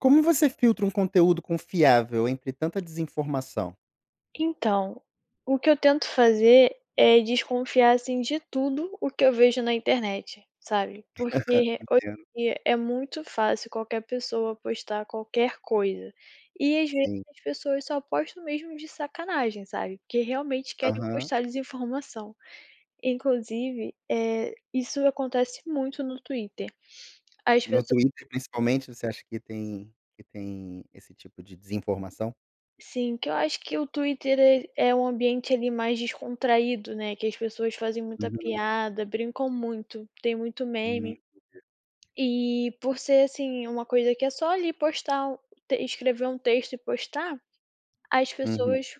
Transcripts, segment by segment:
Como você filtra um conteúdo confiável entre tanta desinformação? Então, o que eu tento fazer é desconfiar, assim, de tudo o que eu vejo na internet, sabe? Porque re hoje Entendo. em dia é muito fácil qualquer pessoa postar qualquer coisa. E às vezes Sim. as pessoas só postam mesmo de sacanagem, sabe? Porque realmente querem Aham. postar desinformação. Inclusive, eh, isso acontece muito no Twitter. As No pesso Twitter, principalmente, você acha que S tem que tem esse tipo de desinformação? Sim, que eu acho que o Twitter é é um ambiente, ali, mais descontraído, né, que as pessoas fazem muita Uhum. piada, brincam muito, tem muito Hum, meme. entendi. E por ser, assim, uma coisa que é só ali postar um te escrever um texto e postar, as Uhum. pessoas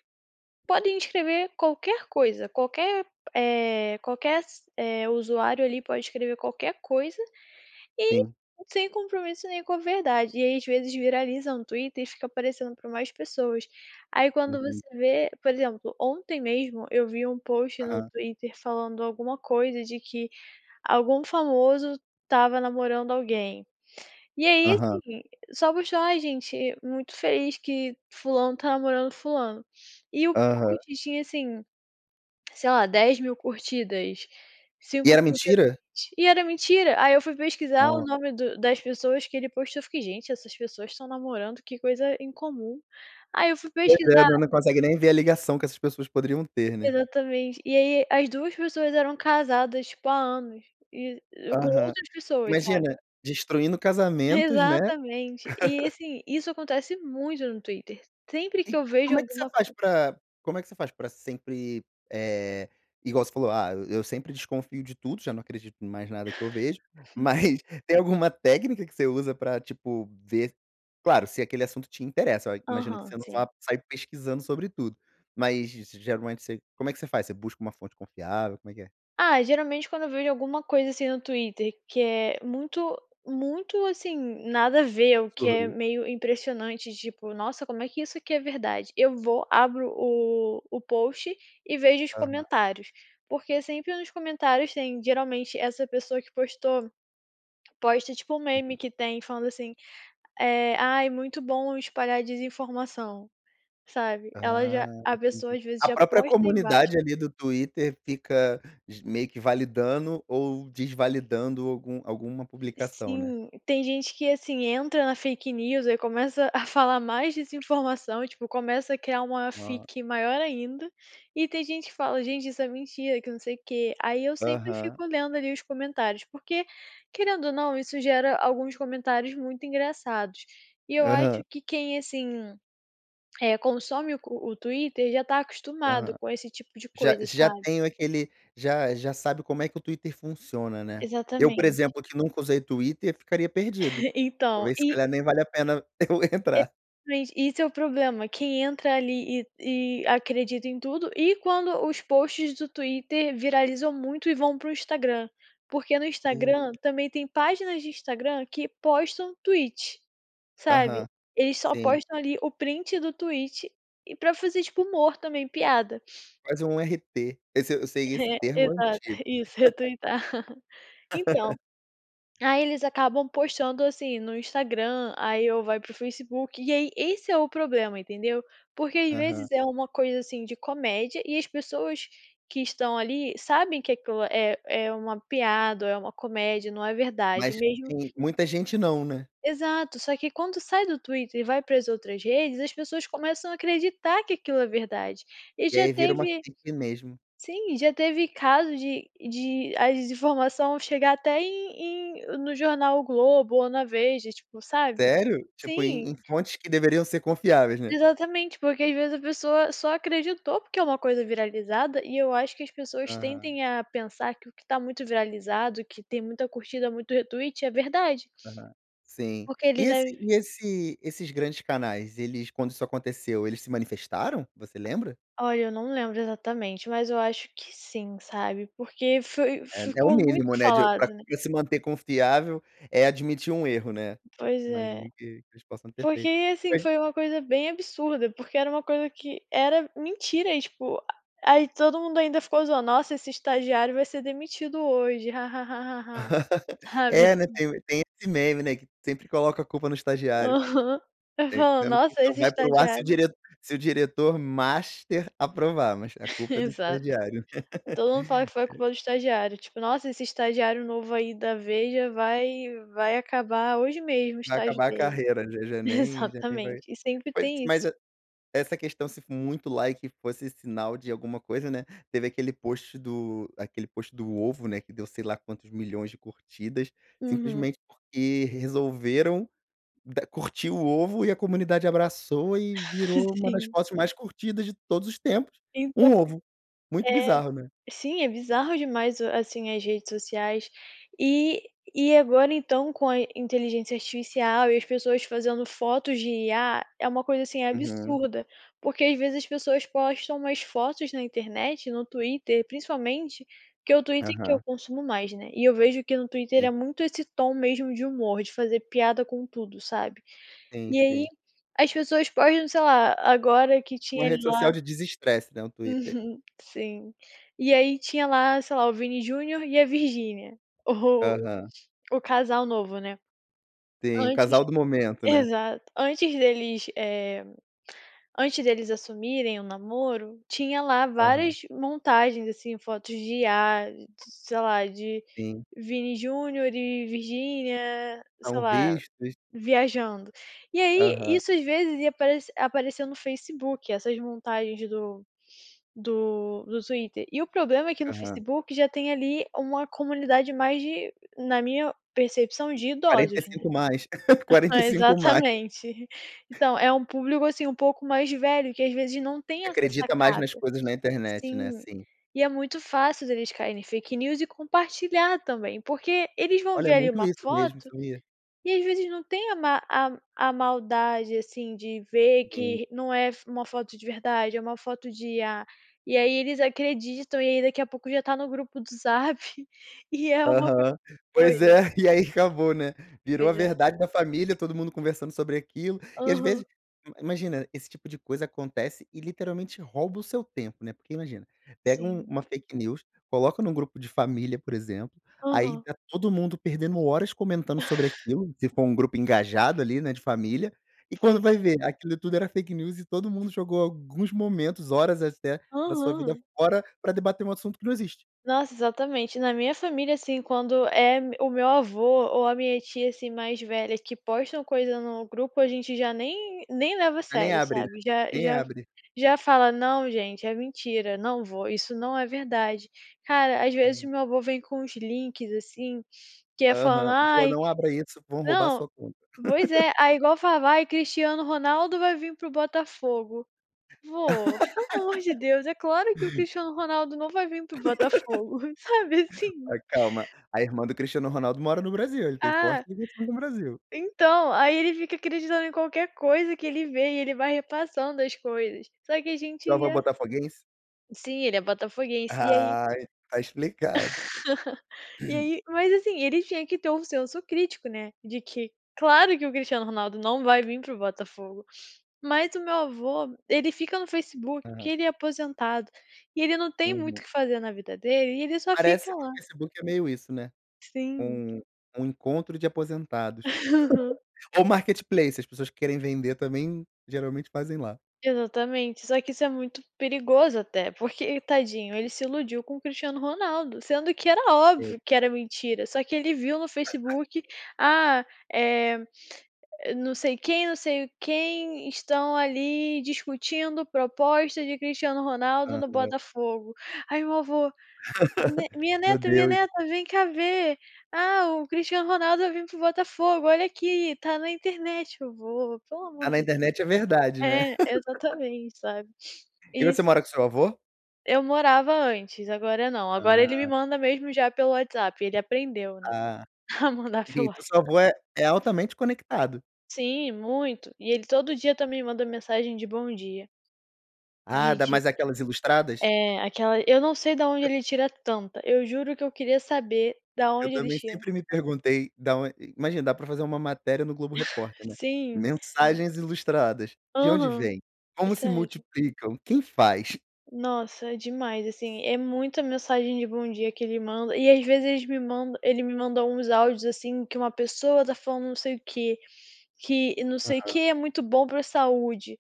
podem escrever qualquer coisa, qualquer, eh, qualquer s eh, usuário ali pode escrever qualquer coisa e Sim. sem compromisso, nenhum com a verdade. E aí, às vezes viraliza um Twitter e fica aparecendo para mais pessoas. Aí, quando Uhum. você vê por exemplo, ontem mesmo eu vi um post no Aham. Twitter falando alguma coisa de que algum famoso estava namorando alguém. E aí, Aham. assim, só postou: "Ah, gente, muito feliz que fulano está namorando fulano" e o Aham. post tinha, assim, sei lá, 10.000 curtidas, E cinco era mil mentira? retweets, e era mentira. Aí eu fui pesquisar o Nossa. nome do das pessoas que ele postou, eu fiquei: "Gente, essas pessoas estão namorando? Que coisa incomum". Aí eu fui Pois é, pesquisar. não não consegue nem ver a ligação que essas pessoas poderiam ter, né. Exatamente. E aí as duas pessoas eram casadas, tipo, há anos e com Aham. outras pessoas, sabe? Imagina, destruindo casamentos, né. Exatamente. E assim, isso acontece muito no Twitter. Sempre que E eu vejo como é que você alguma faz co pra como é que você faz pra sempre eh, igual você falou: "Ah, eu sempre desconfio de tudo, já não acredito em mais nada que eu vejo". Uhum. Mas tem alguma técnica que você usa pra, tipo, ver claro, se aquele assunto te interessa, né, imagino que Aham, você não sim. vá sair pesquisando sobre tudo. Mas geralmente você como é que você faz? Você busca uma fonte confiável, como é que é? Ah, geralmente quando eu vejo alguma coisa assim no Twitter que é muito muito, assim, nada a ver o Você que é olhou meio impressionante. Tipo: "Nossa, como é que isso aqui é verdade?" Eu vou abro o o post e vejo os Aham. comentários. Porque sempre nos comentários tem, geralmente, essa pessoa que postou, posta tipo um meme Uhum. que tem falando assim, eh: "Ai, é muito bom espalhar a desinformação", sabe, ela Ah, já a pessoa entendi. às vezes A já própria posta embaixo. comunidade, ali, do Twitter fica g meio que validando ou desvalidando algum alguma publicação, né. Sim. Tem gente que, assim, entra na fake news, aí começa a falar mais dessa informação, tipo, começa a criar uma Ah fic maior ainda e tem gente que fala: "Gente, isso é mentira que não sei o quê". Aí eu sempre Aham. fico lendo, ali, os comentários. Porque querendo ou não, isso gera alguns comentários muito engraçados e eu Aham. acho que quem, assim, eh, consome o co o Twitter já está acostumado Ah. com esse tipo de Já coisa, já sabe. tenho aquele já já sabe como é que o Twitter funciona, né. Eu, por Exatamente. exemplo, que nunca usei Twitter eu ficaria perdido. Então Talvez, se e calhar nem vale a pena eu E entrar. mente, esse é o problema, quem entra ali e e acredita em tudo e quando os posts do Twitter viralizam muito e vão para o Instagram. Porque no E Instagram também tem páginas de Instagram que postam Tweet, sabe, Aham, eles só sim. postam ali o print do Tweet e para fazer, tipo, humor também, piada. Faz um RT. Esse eu sei esse É, termo exato. antigo. Isso "retweetar". Então, aí eles acabam postando, assim, no Instagram aí ou vai para o Facebook, e aí esse é o problema, entendeu? Porque às Aham. vezes é uma coisa, assim, de comédia e as pessoas que estão ali sabem que aquilo é é uma piada, é uma comédia, não é verdade. Mas Mesmo sim, muita gente não, né. Exato, só que quando sai do Twitter e vai para as outras redes as pessoas começam a acreditar que aquilo é verdade. E E já aí vira uma teve fake mesmo. Sim, já teve caso de de a desinformação chegar até em em no jornal O Globo ou na Veja, tipo, sabe. Sério? Tipo, Sim. em em fontes que deveriam ser confiáveis, né. Exatamente, porque às vezes a pessoa só acreditou porque é uma coisa viralizada e eu acho que as pessoas Aham. tendem a pensar que o que está muito viralizado, que tem muita curtida, muito retweet é verdade. Aham, sim. Porque E eles esse deve e esse esses grandes canais, eles, quando isso aconteceu, eles se manifestaram? Você lembra? Olha, eu não lembro exatamente, mas eu acho que sim, sabe, porque foi É é o ficou muito mínimo, né, de falado, pra né. pra se manter confiável é admitir um erro, né. Pois Imagino é. que que eles possam ter Porque, feito. assim, Mas foi uma coisa bem absurda. Porque era uma coisa que era mentira e, tipo, a aí todo mundo ainda ficou zoando: "Nossa, esse estagiário vai ser demitido hoje, ha-ha-ha-ha-ha", sabe, É, né, assim. tem tem esse meme, né, que sempre coloca a culpa no estagiário. Aham. Vai É falando: que "Nossa, só esse vai pro ar se o estagiário" diret se o diretor master aprovar, mas a culpa é do Exato, estagiário. todo mundo fala que foi É. culpa do estagiário, tipo: "Nossa, esse estagiário novo aí da Veja vai vai acabar hoje mesmo o Vai estágio acabar a dele". carreira, já já nem já nem vai Exatamente, e sempre Mas tem mas isso. e essa questão, se for muito like fosse sinal de alguma coisa, né, teve aquele post do aquele post do ovo, né, que deu sei lá quantos milhões de curtidas, Uhum. simplesmente porque resolveram da curtir o ovo e a comunidade abraçou e virou uma das Sim. fotos mais curtidas de todos os tempos, Então um ovo. Muito É. bizarro, né? Sim, é bizarro demais, assim, as redes sociais. E e agora, então, com a inteligência artificial e as pessoas fazendo fotos de IA, é uma coisa, assim, Uhum. absurda, porque às vezes as pessoas postam umas fotos na internet, no Twitter, principalmente que o Twitter, que eu Aham. consumo mais, né, e eu vejo que no Twitter é Sim. muito esse tom mesmo de humor de fazer piada com tudo, sabe. Sim, E aí, sim. as pessoas postam, sei lá agora que Uma tinha rede lá social de desestresse, né, o Twitter. Uhum, sim. E aí tinha lá, sei lá, o Vini Júnior e a Virgínia o Aham. o casal novo, né. Tem o Antes casal do momento, né. exato. Antes deles, eh, antes deles assumirem o namoro, tinha lá Aham. várias montagens, assim, fotos de IA, sei lá de Sim. Vini Júnior e Virgínia, sei São lá, vistos. viajando. E aí, Aham. isso às vezes ia aparece apareceu no Facebook essas montagens do do do Twitter. E o problema é que no Aham. Facebook já tem, ali, uma comunidade mais de na minha percepção de quarenta e idosos, né. cinco mais, 45 mais. Exatamente. Então é um público, assim, um pouco mais velho que às vezes não tem essa Acredita mais sacada. nas coisas na internet, né, Sim, sim. e é muito fácil eles cair em fake news e compartilhar também, porque eles vão Olha, é ver ali muito uma isso mesmo, foto isso me e às vezes não tem a ma a a maldade, assim, de ver Sim. que não é f uma foto de verdade, é uma foto de IA. E aí, eles acreditam, e aí daqui a pouco já está no grupo do Zap e é uma coisa Aham. Pois doida. é, e aí acabou, né, virou a Pois é. verdade da família, todo mundo conversando sobre aquilo. E às Aham. vezes ima imagina, esse tipo de coisa acontece e literalmente rouba o seu tempo, né. Porque imagina, pega um Sim. uma fake news, coloca num grupo de família, por exemplo, aí Aham. tá todo mundo perdendo horas comentando sobre aquilo se for um grupo engajado ali, né, de família. E quando Pois vai é. ver aquilo tudo era fake news, e todo mundo jogou alguns momentos, horas até, da sua vida Aham. fora para debater um assunto que não existe. Nossa, exatamente. Na minha família, assim, quando é me o meu avô ou a minha tia, assim, mais velha que postam coisa no grupo a gente já nem nem leva a Já nem sério, abre, né, sabe, já nem já abre. já fala: "Não, gente, é mentira. Não vô, isso não é verdade". Cara, às vezes o Ah. meu avô vem com os links, assim, que é falando: Aham. "Vô, "Ai" não abra isso, vão roubar a Não, sua conta". pois é. aí igual falava: "Ai, Cristiano Ronaldo vai vim para o Botafogo", vô, pelo amor de Deus, é claro que o Cristiano Ronaldo não vai vim para Botafogo, sabe, assim. Ai calma. A irmã do Cristiano Ronaldo mora no Brasil, ele tem forte Ah ligação com o Brasil. Então, aí ele fica acreditando em qualquer coisa que ele vê e ele vai repassando as coisas. Só que a Seu gente avô é já botafoguense? Sim, ele é botafoguense. E aí Ah, tá explicado. E aí mas, assim, ele tinha que ter um senso crítico, né, de que claro que o Cristiano Ronaldo não vai vim para o Botafogo. Mas o meu avô ele fica no Facebook, que Aham. ele é aposentado e ele não tem muito o Uhum. que fazer na vida dele e ele só fica Parece que o lá. Facebook é meio isso, né, Sim. um um encontro de aposentados. Aham. Ou Marketplace, as pessoas que querem vender também, geralmente fazem lá. Exatamente, só que isso é muito perigoso, até porque ele tadinho, ele Sim. se iludiu com o Cristiano Ronaldo, sendo que era É. óbvio que era mentira. Só que ele viu no Facebook. "Ah, é, não sei quem, não sei quem estão ali discutindo proposta de Cristiano Ronaldo no Aham. Botafogo", aí meu avô me minha Meu neta, minha Deus. neta, vem cá ver. "Ah, o Cristiano Ronaldo vai vim para o Botafogo. Olha aqui, está na internet", eu "Vô, pelo Tá amor na de Deus". internet é verdade, né. É exatamente sabe, E você isso. mora com o seu avô? Eu morava antes, agora não. Agora ele me Ah. manda mesmo já pelo WhatsApp. E ele aprendeu, né, Ah, a mandar e pelo então o seu WhatsApp. avô é é altamente conectado. Sim, muito. E ele todo dia também manda mensagem de bom dia. Ah, dá Digi mais aquelas ilustradas? É aquela eu não sei da onde ele tira tanta. Eu juro que eu queria saber da Eu onde ele também tira. sempre me perguntei dá on uma imagina, dá para fazer uma matéria no Globo Repórter, né. Sim. Mensagens ilustradas de onde Aham, vem, é como se sério. multiplicam, quem faz? Nossa demais, assim, é muita mensagem de bom dia que ele manda e, às vezes, eles me mandam ele me mandou uns áudios, assim, que uma pessoa tá falando não sei o quê. Que não sei o Aham. que é muito bom para a saúde,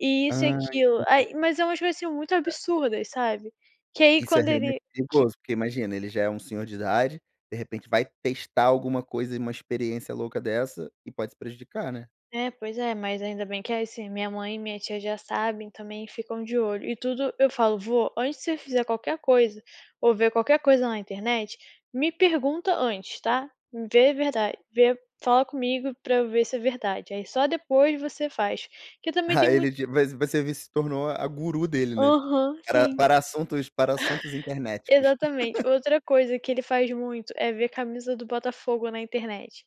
e isso e Ah, aquilo. entendi. aí, mas é umas coisas, assim, muito É. absurdas, sabe, que aí, Isso é quando realmente ele que perigoso, porque imagina, ele já é um senhor de idade, de repente vai testar alguma coisa e uma experiência louca dessa e pode se prejudicar, né. É, pois é, mas ainda bem que é assim. Minha mãe e minha tia já sabem, também ficam de olho e tudo. Eu falo: "Vô antes de você fazer qualquer coisa ou ver qualquer coisa na internet, me pergunta antes, tá? Vê verdade, vê, fala comigo pra eu ver se é verdade, aí só depois você faz", que eu também Ah, tenho ele muito de vai você se tornou a guru dele, né, Aham, para sim. para assuntos para assuntos internéticos. Exatamente. Outra coisa que ele faz muito é ver a camisa do Botafogo na internet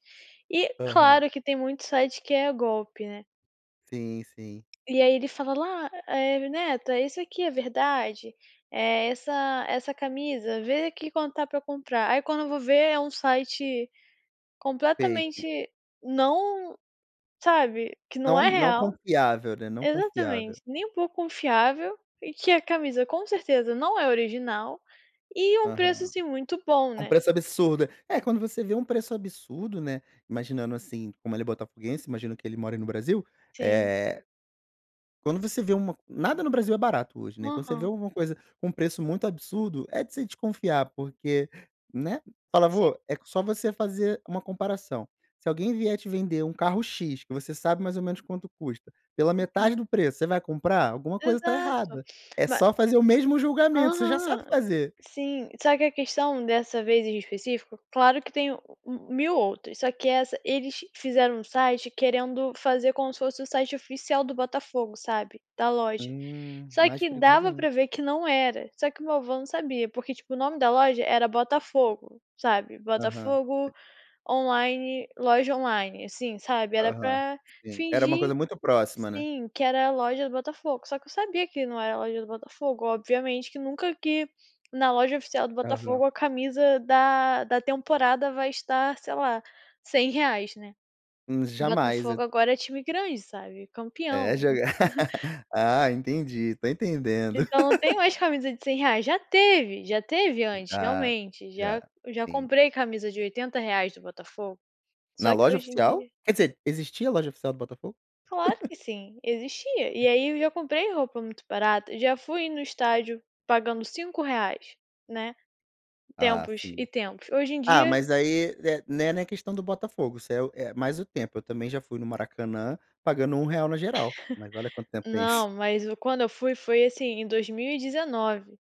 e Aham. claro que tem muitos sites que é golpe, né. Sim, sim. E aí ele fala: "La, eh, neta, isso aqui é verdade, eh, essa essa camisa, vê aqui quanto tá pra comprar aí", quando eu vou ver é um site completamente, Fake. não, sabe, que não Não, é não real. confiável, né, não confiável. Exatamente, nem um pouco confiável, e que a camisa com certeza não é original e um preço, Aham. assim, muito bom, É um né. preço absurdo, é quando você vê um preço absurdo, né, imaginando assim, como ele é botafoguense, imagino que ele mora no Brasil, Sim. eh Quando você vê um nada no Brasil é barato hoje, né, quando você vê Aham. alguma coisa com um preço muito absurdo, é de se desconfiar, porque, né. Fala: Sim. "Vô, é só você fazer uma comparação, se alguém vier te vender um carro X que você sabe mais ou menos quanto custa, pela Uhum. metade do preço, você vai comprar? Alguma coisa tá Exato errada!", é ma só fazer o mesmo julgamento, você já sabe Aham, fazer. sim. Só que a questão dessa vez em específico, claro que tem o o 1000 outras, só que essa eles fizeram um site querendo fazer como se fosse o site oficial do Botafogo, sabe, da loja. Hum, Só mais que perigoso dava ainda. para ver que não era, só que o meu avô não sabia, porque tipo o nome da loja era Botafogo, sabe, Aham, Botafogo sei. online, loja online, assim, sabe, era Aham, pra sim, era uma fingir. coisa muito próxima, né? Sim, que era a loja do Botafogo, só que eu sabia que não era a loja do Botafogo, obviamente que nunca que na loja oficial do Aham. Botafogo, a camisa da da temporada vai estar, sei lá, R$100, né. Hum, jamais e Botafogo agora é time grande, sabe, É campeão. jogar. Ah, entendi, tô entendendo. Então, não tem mais camisa de R$100, já teve, já teve antes, Já, realmente já, já já sim. comprei camisa de R$80 do Botafogo. Só Na que loja hoje em oficial, dia quer dizer, existia a loja oficial do Botafogo? Claro que sim, existia, Hã. e aí eu já comprei roupa muito barata, já fui no estádio pagando R$5, né, Ah, tempos e sim. tempos hoje em Ah, dia mas aí né né, na questão do Botafogo, isso é o é mais o tempo, eu também já fui no Maracanã pagando R$1 na geral, mas olha quanto tempo tem isso. Não, mas o quando eu fui foi assim em 2019,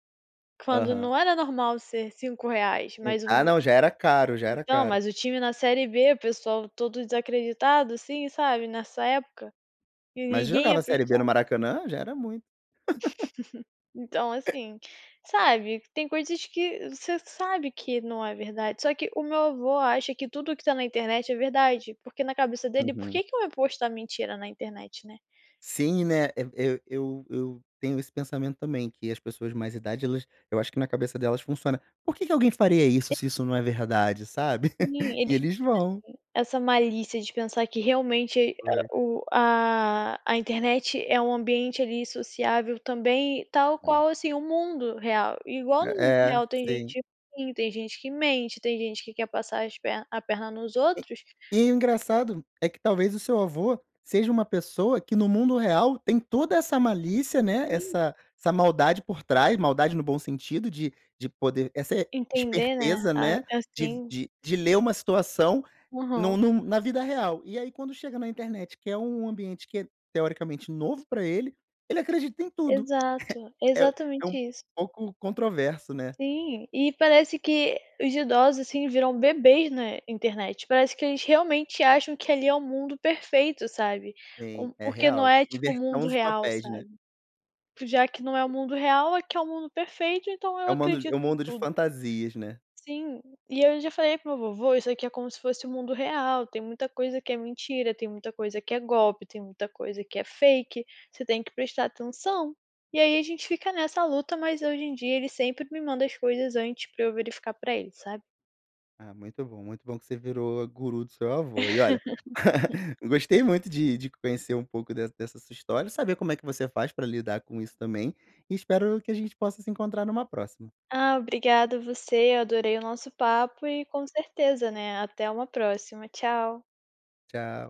quando Aham. não era normal ser R$5, mas o Ah, me não, já era caro, já era Então, caro. mas o time na Série B, o pessoal todo desacreditado, assim, sabe nessa época e Mas ninguém ia jogava para o Série B no estádio. Maracanã, já era muito. Então, assim, sabe, tem coisas que você sabe que não é verdade, só que o meu avô acha que tudo o que tá na internet é verdade, porque na cabeça dele, por que Uhum. que ia postar mentira na internet, né? Sim, né. E eu eu eu tenho esse pensamento também que as pessoas de mais idade, elas eu acho que na cabeça delas funciona, porque que alguém faria E isso se isso não é verdade, sabe Sim, e eles eles vão. não têm essa malícia de pensar que, realmente, e Foi. o a a internet é um ambiente ali sociável também, tal Hum. qual, assim, o mundo real. Igual no mundo É, real, tem sim. gente ruim, tem gente que mente, tem gente que quer passar as pernas a perna nos E outros. e o engraçado é que talvez o seu avô seja uma pessoa que, no mundo real, tem toda essa malícia, né, Sim. essa essa maldade por trás, maldade no bom sentido de de poder, essa Entender, né? esperteza, Ah, né, de assim. de de ler uma situação Uhum. num na vida real. E aí quando chega na internet, que é um ambiente que é teoricamente novo pra ele, ele acredita em tudo, Exato, é é exatamente um isso. pouco controverso, né. Sim, e parece que os idosos, assim, viram bebês na internet. Parece que a gente realmente acha que ali é um mundo perfeito, sabe, Sim, hum, é porque não real. é tipo o Inversão mundo dos real, papéis, né. sabe. Já que não é o mundo real, aqui é um mundo perfeito, então É eu o mando é acredito um em mundo de tudo. fantasias, né? Sim, e eu já falei para o meu vô: "Vô, isso aqui é como se fosse o mundo real, tem muita coisa que é mentira, tem muita coisa que é golpe, tem muita coisa que é fake, você tem que prestar atenção.", e aí a gente fica nessa luta, mas hoje em dia ele sempre me manda as coisas antes pra eu verificar para ele, sabe. Ah, muito bom, muito bom que você virou guru do seu avô e olha, gostei muito de de conhecer um pouco de dessa sua história, saber como é que você faz para lidar com isso também e espero que a gente possa se encontrar numa próxima. Ah, obrigada, você, eu adorei o nosso papo e com certeza, né. Até uma próxima, tchau. Tchau.